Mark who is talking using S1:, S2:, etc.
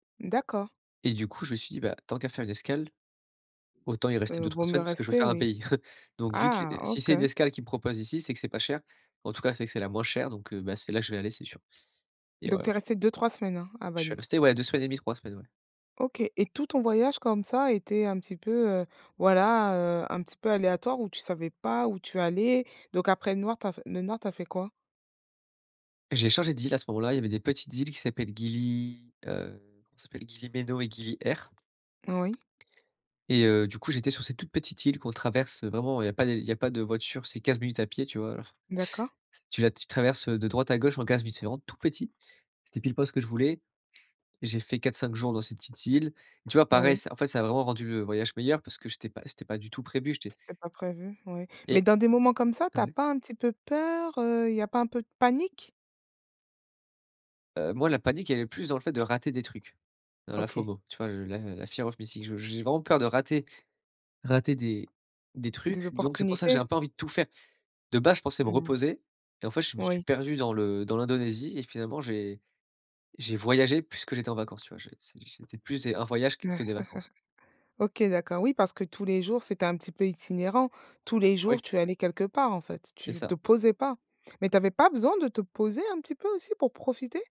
S1: D'accord.
S2: Et du coup, je me suis dit: «Bah, tant qu'à faire une escale, autant y rester
S1: Heu, vaut
S2: 2-3
S1: mieux
S2: semaines puisque je veux
S1: rester
S2: faire un
S1: oui.
S2: pays. Donc vu que
S1: Ah,
S2: si c'est
S1: OK.
S2: une escale qu'ils me proposent ici, c'est que c'est pas cher. En tout cas, c'est que c'est la moins chère, donc heu bah, c'est là que vais aller, c'est sûr» et
S1: Donc tu
S2: voilà.
S1: es restée 2-3 semaines, hein, à
S2: Je suis
S1: Bali?
S2: resté, ouais, 2 semaines et 1/2, 3 semaines ouais.
S1: OK et tout ton voyage comme ça était un petit peu, heu, voilà, heu, un petit peu aléatoire où tu savais pas où tu allais? Donc après le noir, tu as f le nord tu as fait quoi?
S2: J'ai changé d'île à ce moment-là, il y avait des petites îles qui s'appellent Gili heu comment ça s'appellent? Gili Meno et Gili Air.
S1: Oui.
S2: Et heu, du coup j'étais sur ces toutes petites îles qu'on traverse vraiment il y a pas l il y a pas de voiture, c'est 15 minutes à pied tu vois, alors
S1: D'accord.
S2: t tu la tu traverses, heu, de droite à gauche en 15 minutes, c'est vraiment tout petit. C'était pile-poil ce que je voulais et j'ai fait 4-5 jours dans cette petite île et tu vois pareil,
S1: Oui.
S2: ça en fait ça a vraiment rendu, heu, le voyage meilleur parce que j'étais pas c'était pas du tout prévu, j'étais
S1: C'était pas prévu, oui. Mais
S2: Et
S1: dans des moments comme ça,
S2: ah,
S1: tu as
S2: ouais?
S1: pas un petit peu peur, heu, il y a pas un peu de panique?
S2: Heu, moi, la panique elle est plus dans le fait de rater des trucs. Dans la
S1: OK.
S2: FOMO, tu vois, je la la fear of missing, je j'ai vraiment peur de rater rater des des
S1: Des
S2: trucs, donc c'est pour ça que j'ai
S1: opportunités?
S2: un peu envie de tout faire. De base, je pensais me
S1: Mmh mh.
S2: reposer et en fait, je me suis
S1: Oui.
S2: perdu dans le dans l'Indonésie et finalement j'ai j'ai voyagé plus que j'étais en vacances, tu vois, je c'é c'était plus des un voyage que que des vacances.
S1: OK, d'accord, oui, parce que tous les jours c'était un petit peu itinérant. Tous les jours
S2: Oui.
S1: tu allais quelque part en fait?
S2: C'est
S1: Tu
S2: ça.
S1: te posais pas. Mais tu avais pas besoin de te poser un petit peu aussi pour profiter?